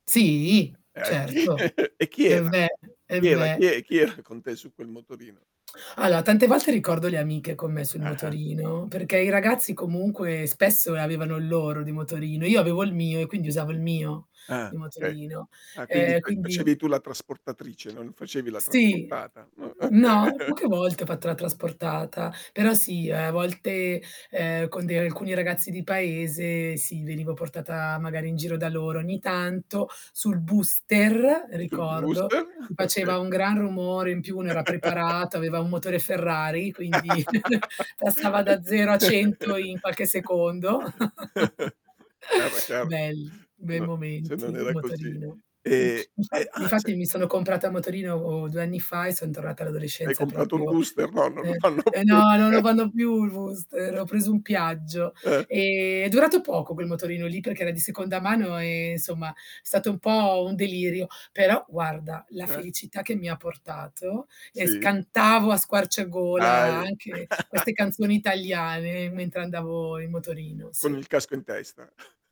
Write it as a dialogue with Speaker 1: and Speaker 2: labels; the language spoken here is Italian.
Speaker 1: Sì,
Speaker 2: Eh, sì?
Speaker 1: certo.
Speaker 2: E chi
Speaker 1: E
Speaker 2: era?
Speaker 1: beh, e
Speaker 2: Chi era? Chi
Speaker 1: beh.
Speaker 2: è chi era con te su quel motorino?
Speaker 1: Allora tante volte ricordo le amiche con me sul
Speaker 2: Ah-ah.
Speaker 1: motorino, perché i ragazzi comunque spesso, ehm, avevano il loro di motorino. Io avevo il mio e quindi usavo il mio di
Speaker 2: Ah, okay.
Speaker 1: motorino.
Speaker 2: Ah, quindi
Speaker 1: Ehm,
Speaker 2: te
Speaker 1: quindi
Speaker 2: facevi tu la trasportatrice, non facevi la
Speaker 1: Sì,
Speaker 2: trasportata? Mh, oka
Speaker 1: no, poche volte ho fatto la trasportata, però sì, ehm, a volte, ehm, con de alcuni ragazzi di paese, sì venivo portata magari in giro da loro ogni tanto sul booster
Speaker 2: Sul
Speaker 1: ricordo,
Speaker 2: booster? Oka
Speaker 1: faceva un gran rumore, in più uno era preparato, aveva un motore Ferrari quindi, passava da 0 a 100 in qualche secondo.
Speaker 2: Ah, beh, chiaro,
Speaker 1: Belli,
Speaker 2: se
Speaker 1: bei
Speaker 2: no se
Speaker 1: momenti
Speaker 2: non
Speaker 1: il
Speaker 2: era così.
Speaker 1: motorino. Mh,
Speaker 2: Ehm, e
Speaker 1: infa
Speaker 2: ah,
Speaker 1: difatti
Speaker 2: ce
Speaker 1: mi sono comprata a motorino 2 anni fa e son tornata
Speaker 2: Hai
Speaker 1: all'adolescenza
Speaker 2: comprato un
Speaker 1: proprio,
Speaker 2: booster? No, non lo
Speaker 1: ehm
Speaker 2: fanno
Speaker 1: eh
Speaker 2: più.
Speaker 1: no, non lo fanno più il booster, ho preso un Piaggio.
Speaker 2: Eh.
Speaker 1: Ehm, è durato poco quel motorino lì, perché era di seconda mano e, insomma, stato un po' un delirio, però guarda la
Speaker 2: Eh.
Speaker 1: felicità che mi ha portato, e
Speaker 2: Sì.
Speaker 1: scantavo a squarciagola
Speaker 2: Hai
Speaker 1: anche queste canzoni italiane mentre andavo in motorino,
Speaker 2: Con
Speaker 1: sì.
Speaker 2: il casco in testa.